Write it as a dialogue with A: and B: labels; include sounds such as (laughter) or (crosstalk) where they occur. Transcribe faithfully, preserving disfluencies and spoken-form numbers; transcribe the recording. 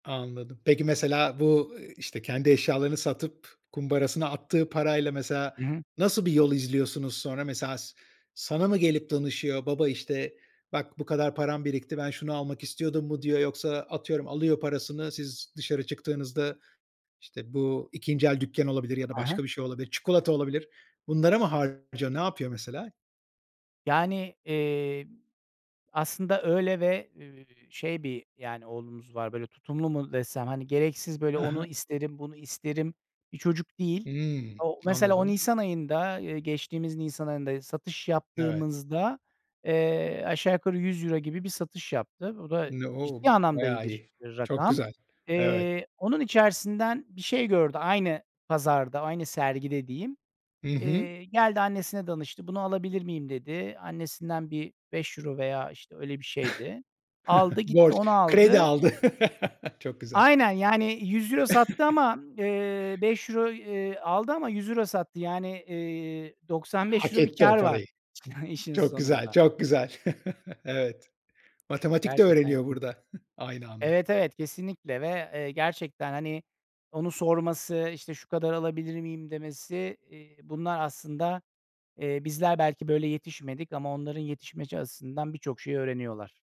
A: Anladım. Peki mesela bu, ııı, işte kendi eşyalarını satıp, kumbarasına attığı parayla, mesela
B: Hı hı.
A: nasıl bir yol izliyorsunuz sonra? Mesela sa sana mı gelip danışıyor? Baba, işte, "Bak bu kadar param birikti, ben şunu almak istiyordum." mu diyor? Yoksa atıyorum alıyor parasını, siz dışarı çıktığınızda, işte, bu ikinci el dükkân olabilir ya da
B: Hı hı.
A: başka bir şey olabilir, çikolata olabilir, bunlara mı harcıyor? Ne yapıyor mesela?
B: Yani, iii, aslında öyle ve, eee, şey bir, yani, oğlumuz var böyle tutumlu mu desem, hani, gereksiz böyle
A: Hı
B: onu
A: hı.
B: isterim, bunu isterim bir çocuk değil.
A: Hımm,
B: O mesela, o
A: anladım.
B: nisan ayında, eee, geçtiğimiz nisan ayında, satış
A: Evet.
B: yaptığımızda, eee, aşağı yukarı yüz euro gibi bir satış yaptı. O da
A: N O!
B: ciddi anlamda iyi
A: bayağı
B: bir,
A: iyi.
B: iii,
A: Çok
B: rakam.
A: güzel. Evet.
B: Eee, onun içerisinden bir şey gördü, aynı pazarda, aynı sergide diyeyim.
A: Hı hı.
B: Eee, geldi annesine danıştı, "Bunu alabilir miyim?" dedi. Annesinden bir beş euro veya, işte, öyle bir şeydi, aldı,
A: (chuckles)
B: gitti
A: Borç,
B: onu
A: kredi
B: aldı.
A: aldı. (chuckles) Çok güzel.
B: Aynen, yani yüz euro sattı ama, eee,
A: (chuckles)
B: beş euro, iii, aldı ama yüz euro sattı. Yani, iii, doksan beş
A: Hak
B: euro bir
A: etti o
B: kâr var,
A: parayı.
B: işin
A: Çok güzel,
B: sonunda.
A: çok güzel. (chuckles) Evet, matematik de
B: Gerçekten
A: öğreniyor
B: keyif
A: burada, (chuckles) aynı anda.
B: Evet, evet, kesinlikle, ve, eee, gerçekten, hani, onu sorması, işte, "Şu kadar alabilir miyim?" demesi, eee, bunlar aslında, eee, bizler belki böyle yetişmedik ama onların yetişmesi açısından birçok şey öğreniyorlar.